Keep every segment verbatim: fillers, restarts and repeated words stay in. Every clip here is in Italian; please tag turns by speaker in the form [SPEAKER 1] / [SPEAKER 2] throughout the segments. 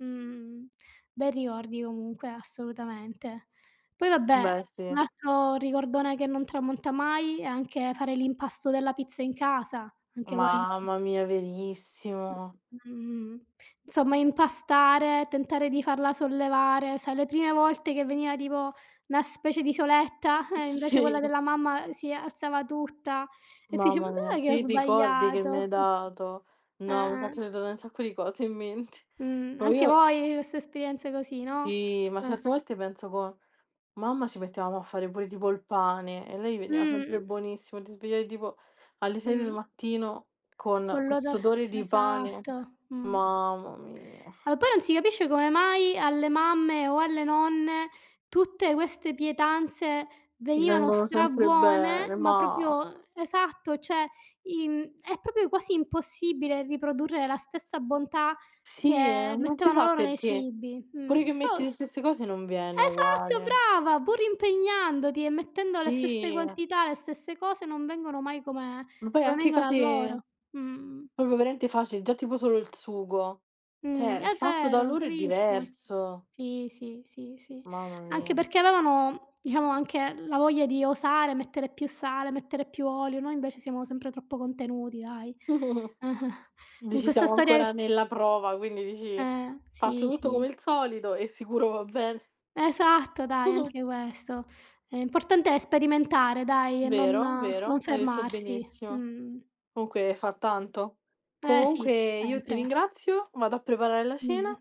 [SPEAKER 1] Mh, bei ricordi comunque assolutamente. Poi vabbè
[SPEAKER 2] Beh
[SPEAKER 1] un
[SPEAKER 2] sì.
[SPEAKER 1] altro ricordone che non tramonta mai è anche fare l'impasto della pizza in casa, anche quello.
[SPEAKER 2] Mamma mia, verissimo.
[SPEAKER 1] Mh-mh. Insomma impastare, tentare di farla sollevare, sai le prime volte che veniva tipo una specie di soletta, eh, invece quella
[SPEAKER 2] Sì.
[SPEAKER 1] della mamma si alzava tutta e tu dici: "Ma
[SPEAKER 2] Mamma mia
[SPEAKER 1] dov'è che ho
[SPEAKER 2] che ricordi che mi
[SPEAKER 1] sbagliato?"
[SPEAKER 2] hai dato.
[SPEAKER 1] Eh,
[SPEAKER 2] No, mi hai fatto
[SPEAKER 1] eh.
[SPEAKER 2] ritornà un sacco di cose in mente.
[SPEAKER 1] Mh,
[SPEAKER 2] No,
[SPEAKER 1] anche
[SPEAKER 2] io
[SPEAKER 1] voi queste esperienze così, no.
[SPEAKER 2] Sì, ma
[SPEAKER 1] Eh.
[SPEAKER 2] certe volte penso co mamma ci mettevamo a fare pure tipo il pane e a lei veniva sempre
[SPEAKER 1] Mh.
[SPEAKER 2] buonissimo, ti svegliavi tipo alle sei del
[SPEAKER 1] Mh.
[SPEAKER 2] mattino con
[SPEAKER 1] Con
[SPEAKER 2] questo
[SPEAKER 1] l'odor
[SPEAKER 2] odore di pane.
[SPEAKER 1] esatto. Mh.
[SPEAKER 2] Mamma mia.
[SPEAKER 1] Ma poi non si capisce come mai alle mamme o alle nonne tutte queste pietanze
[SPEAKER 2] Gli
[SPEAKER 1] venivano
[SPEAKER 2] vengono sempre
[SPEAKER 1] strabuone,
[SPEAKER 2] bene,
[SPEAKER 1] ma
[SPEAKER 2] ma
[SPEAKER 1] propio esatto cioè in è propio quasi impossibile riprodurre la stessa bontà
[SPEAKER 2] Sì
[SPEAKER 1] che
[SPEAKER 2] non si
[SPEAKER 1] mettevano
[SPEAKER 2] sa
[SPEAKER 1] loro nei
[SPEAKER 2] perché.
[SPEAKER 1] cibi.
[SPEAKER 2] Pure
[SPEAKER 1] Mh.
[SPEAKER 2] che
[SPEAKER 1] Però
[SPEAKER 2] metti le stesse cose non viene
[SPEAKER 1] esatto,
[SPEAKER 2] uguale.
[SPEAKER 1] brava pur impegnandoti e mettendo le stesse
[SPEAKER 2] Sì.
[SPEAKER 1] quantità, le stesse cose non vengono mai come
[SPEAKER 2] Ma poi
[SPEAKER 1] come
[SPEAKER 2] anche
[SPEAKER 1] vengono a
[SPEAKER 2] cose
[SPEAKER 1] loro.
[SPEAKER 2] s
[SPEAKER 1] Mh.
[SPEAKER 2] propio veramente facili, già tipo solo il sugo.
[SPEAKER 1] Mh,
[SPEAKER 2] Cioè
[SPEAKER 1] è
[SPEAKER 2] fatto da
[SPEAKER 1] vero
[SPEAKER 2] loro è
[SPEAKER 1] bravissima.
[SPEAKER 2] diverso.
[SPEAKER 1] Sì, sì, sì, sì,
[SPEAKER 2] Mamma
[SPEAKER 1] anche
[SPEAKER 2] mia.
[SPEAKER 1] perché avevano diciamo anche la voglia di osare, mettere più sale, mettere più olio, noi invece siamo sempre troppo contenuti dai. Con
[SPEAKER 2] Dici
[SPEAKER 1] questa
[SPEAKER 2] siamo
[SPEAKER 1] storia
[SPEAKER 2] ancora
[SPEAKER 1] che
[SPEAKER 2] nella prova, quindi dici:
[SPEAKER 1] Eh,
[SPEAKER 2] "Faccio
[SPEAKER 1] sì,
[SPEAKER 2] tutto
[SPEAKER 1] sì.
[SPEAKER 2] come il solito e sicuro va bene".
[SPEAKER 1] Esatto, dai anche questo. L'importante è sperimentare dai e non
[SPEAKER 2] Vero, vero,
[SPEAKER 1] non
[SPEAKER 2] hai detto
[SPEAKER 1] fermarsi.
[SPEAKER 2] benissimo.
[SPEAKER 1] Mh.
[SPEAKER 2] Comunque fa tanto.
[SPEAKER 1] Eh sì,
[SPEAKER 2] Comunque io ti
[SPEAKER 1] sempre.
[SPEAKER 2] ringrazio, vado a preparare la cena
[SPEAKER 1] Mh.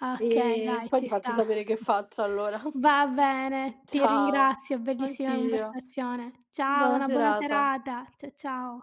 [SPEAKER 1] Okay
[SPEAKER 2] e
[SPEAKER 1] dai,
[SPEAKER 2] poi
[SPEAKER 1] ci
[SPEAKER 2] ti faccio
[SPEAKER 1] sta.
[SPEAKER 2] sapere che faccio allora.
[SPEAKER 1] Va bene ti
[SPEAKER 2] Ciao,
[SPEAKER 1] ringrazio, bellissima
[SPEAKER 2] anch'io.
[SPEAKER 1] conversazione. Ciao,
[SPEAKER 2] Buona
[SPEAKER 1] una buona
[SPEAKER 2] serata.
[SPEAKER 1] serata. Cia ciao.